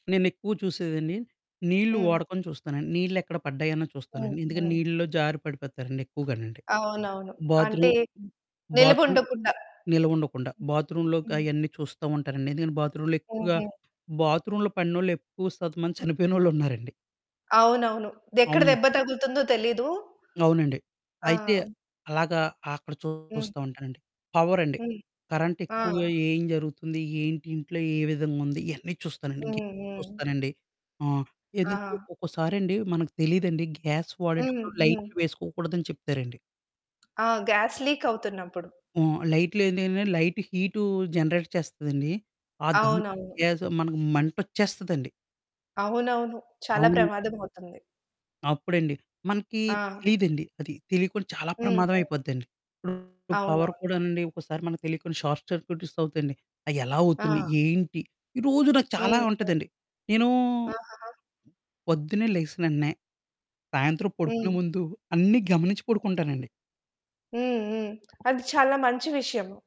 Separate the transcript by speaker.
Speaker 1: నేనెక్కువ చూసేదండి. నీళ్ళు
Speaker 2: హ్మ్.
Speaker 1: వాడకం చూస్తానండి. నీళ్ళెక్కడ పడ్డాయో అని
Speaker 2: హ్మ్.
Speaker 1: చూస్తానండి. ఎందుకంటే
Speaker 2: హ్మ్.
Speaker 1: నీళ్లలో జారి పడిపోతారండి ఎక్కువగానండి.
Speaker 2: అవునవును. అంటే
Speaker 1: బాత్రూమ్,
Speaker 2: నిలుపు
Speaker 1: బాత్రూమ్
Speaker 2: ఉండకుండా.
Speaker 1: నిల్వ ఉండకుండా బాత్రూమ్‌లో క
Speaker 2: హ్మ్. హ్మ్.
Speaker 1: అయన్నీ చూస్తూ ఉంటానండి. ఎందుకంటే బాత్రూమ్‌లో ఎక్కువగా
Speaker 2: హుహు.
Speaker 1: బాత్రూమ్‌లో పడినోళ్లు, ఎక్కువ శాతం మంది చనిపోయినోళ్లున్నారండి.
Speaker 2: అవునవును. ఎక్కడ
Speaker 1: అవును.
Speaker 2: దెబ్బ తగులుతుందో తెలీదు
Speaker 1: అవునండి.
Speaker 2: ఆ!
Speaker 1: అయితే అలాగా అక్కడ
Speaker 2: హ్మ్.
Speaker 1: చూస్తూ ఉంటానండి. పవరండి.
Speaker 2: హ్మ్.
Speaker 1: కరెంట్
Speaker 2: ఆ!
Speaker 1: ఎక్కువగా ఏం జరుగుతుంది, ఏంటి ఇంట్లో ఏ విధంగా ఉంది ఇయన్నీ చూస్తానండి.
Speaker 2: హ్మ్.
Speaker 1: గీజర్
Speaker 2: హ్మ్.
Speaker 1: చూస్తానండి. ఆహ్, ఎందుకంటే
Speaker 2: ఆహా!
Speaker 1: ఒక్కోసారండి మనకు తెలీదండి గ్యాస్
Speaker 2: హ్మ్.
Speaker 1: వాడేటప్పుడు
Speaker 2: హ్మ్.
Speaker 1: లైట్లు వేసుకోకూడదని చెప్తారండి.
Speaker 2: ఆ! గ్యాస్ లీక్ అవుతున్నప్పుడు.
Speaker 1: ఆ! లైట్లేంటంటే లైట్ హీటు జనరేట్ చేస్తుందండి. ఆహ్, దానికి
Speaker 2: అవునవును.
Speaker 1: గ్యాస్ మనకు మంటొచ్చేస్తదండి.
Speaker 2: అవునవును. చాలా
Speaker 1: అవును.
Speaker 2: ప్రమాదం అవుతుంది.
Speaker 1: అప్పుడండి మనకి
Speaker 2: ఆ!
Speaker 1: తెలీదండి. అది తెలీకుండా చాలా
Speaker 2: హ్మ్.
Speaker 1: ప్రమాదం
Speaker 2: హ్మ్.
Speaker 1: అయిపోద్దండి. ఇప్పుడు పవర్
Speaker 2: అవునవును.
Speaker 1: కూడానండి ఒకసారి మనకి తెలియకుండా షార్ట్ సర్క్యూట్స్ అవుతాయండి. అయ్యెలా అవుతుంది,
Speaker 2: ఆ!
Speaker 1: ఏంటి? ఈరోజు నాకు చాలా
Speaker 2: హుహు.
Speaker 1: ఉంటదండి. నేనూ
Speaker 2: ఆహాహా!
Speaker 1: పొద్దున్నే లేచిన వెంటనే, సాయంత్రం పడుకునే
Speaker 2: హ్మ్.
Speaker 1: ముందు అన్నీ గమనించి పడుకుంటానండి.
Speaker 2: హ్మ్. హ్మ్. అది చాలా మంచి విషయము.